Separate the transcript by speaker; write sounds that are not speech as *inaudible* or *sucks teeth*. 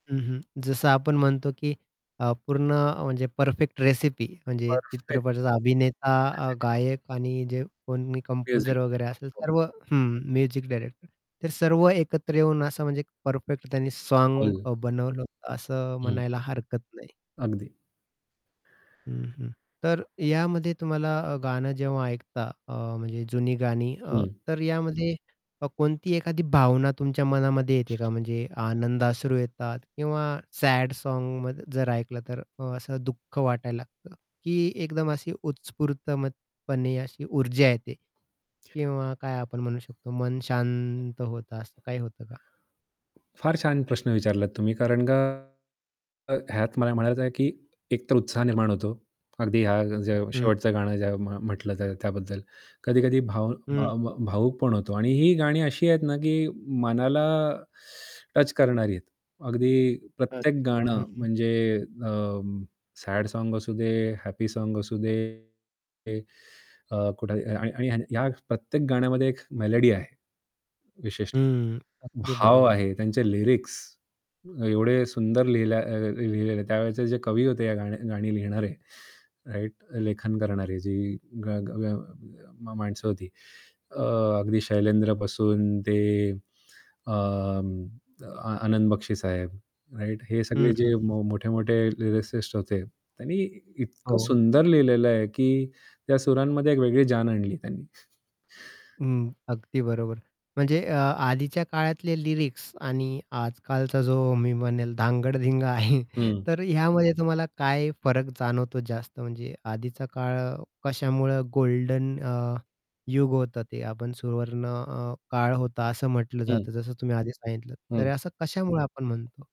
Speaker 1: हं, हं, जसं आपण म्हणतो की अ, पूर्ण अ, म्हणजे परफेक्ट रेसिपी. म्हणजे
Speaker 2: परफेक्ट.
Speaker 1: चित्रपटाचा अभिनेता अ,
Speaker 2: *unintelligible*
Speaker 1: गायक आणि जे कोणी कंपोजर वगैरे
Speaker 2: *unintelligible*
Speaker 1: असेल
Speaker 2: हो.
Speaker 1: सर्व हं, म्युझिक डायरेक्टर. ते सर्व एकत्र येऊन असं म्हणजे एक परफेक्ट त्यांनी साँग
Speaker 2: *unintelligible*
Speaker 1: अ, बनवलं होतं, असं
Speaker 2: हं.
Speaker 1: म्हणायला हरकत नाही.
Speaker 2: अगदी.
Speaker 1: हं, हं. तर यामध्ये तुम्हाला अ, गाणं जेव्हा ऐकता अ, म्हणजे जुनी गाणी अ,
Speaker 2: हं.
Speaker 1: तर यामध्ये अ, कोणती एखादी भावना तुमच्या मनामध्ये येते का? म्हणजे आनंदाश्रू येतात किंवा सॅड साँग मध जर ऐकलं तर अ, असं दुःख वाटायला लागतं, की एकदम अशी उत्स्फूर्तपणे अशी ऊर्जा येते किंवा काय आपण म्हणू शकतो मन शांत होतं असं काही होतं का?
Speaker 2: फार छान प्रश्न विचारलात तुम्ही कारण का अ, ह्यात मला म्हणायचं आहे की एक तर उत्साह निर्माण होतो. अगदी हा जो
Speaker 1: हं.
Speaker 2: शेवटचं गाणं ज्या म्ह म्हटलं त्यात तर त्याबद्दल कधी-कधी भाव
Speaker 1: हं.
Speaker 2: भाव भावुक पण होतो आणि ही गाणी अशी आहेत ना की मनाला *sucks teeth* टच करणारी आहेत. अगदी प्रत्येक
Speaker 1: अच्छा. हं,
Speaker 2: गाणं
Speaker 1: हं.
Speaker 2: म्हणजे अं, सॅड साँग असू दे, हॅपी साँग असू दे अ, कुठे आणि आणि आणि या प्रत्येक गाण्यामध्ये एक मेलोडी आहे. विशेषतः.
Speaker 1: हं, अगदी
Speaker 2: भाव
Speaker 1: बरोबर.
Speaker 2: आहे त्यांचे लिरिक्स एवढे सुंदर लिहिल्या अ, अ, लिहिलेले त्यावेळचे जे कवी होते या गाणी गाणी लिहिणारे राइट, लेखन करणारे जी गा गा मा माणसं होती अ, अगदी शैलेंद्र पासून ते अ, अ, आ आनंद बक्षी साहेब राइट? हे सगळे
Speaker 1: हं, हं,
Speaker 2: जे
Speaker 1: हं.
Speaker 2: मो मोठे-मोठे लिरिसिस्ट होते, त्यांनी इतकं
Speaker 1: हो.
Speaker 2: सुंदर लिहिलेलं आहे की त्या सुरांमध्ये एक वेगळी जान आणली त्यांनी. *chuckles*
Speaker 1: हं, अगदी बरोबर. म्हणजे अ, आधीच्या काळातले लिरिक्स आणि आजकालचा जो मी म्हणेल धांगडधिंगा आहे,
Speaker 2: हं.
Speaker 1: तर ह्यामध्ये तुम्हाला काय फरक जाणवतो जास्त? म्हणजे आधीचा काळ कशामुळं गोल्डन अ, युग होतं ते आपण सुवर्ण अ, काळ होता असं म्हटलं
Speaker 2: हं.
Speaker 1: जातं, जसं तुम्ही आधी सांगितलं तर
Speaker 2: हं.
Speaker 1: असं कशामुळे आपण म्हणतो?